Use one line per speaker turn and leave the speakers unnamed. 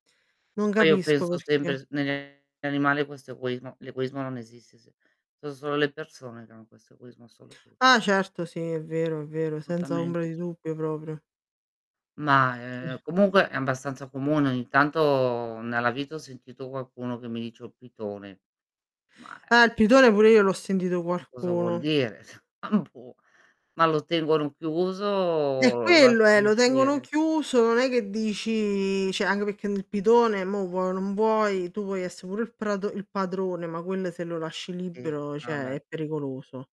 Che
Non
poi io
capisco
penso sempre
perché.
s negli animali questo egoismo l'egoismo non esiste se so' solo le persone che hanno questo egoismo assoluto.
Ah, certo sì è vero, è vero senza ombra
Tutamente
di
sì.
dubbio proprio.
Ma, ehm,
Sì.
comunque, è abbastanza comune. Ogni tanto, nella vita ho sentito qualcuno che mi dice: "Ho il pitone". Ma, eh
Ah il pitone,
[unintelligible]
pure io l'ho sentito
Ma cosa vuol
qualcuno.
dire? Ma non può ma lo tengono chiuso o
Eh
lo
quello è,
lasciano
lo tengono
uscire?
chiuso, non è che dici cioè anche perché nel pitone mo' vuoi o non vuoi, tu puoi essere pure il prato il padrone, ma quelle se lo lasci
Sì,
libero
vabbè.
cioè, è pericoloso.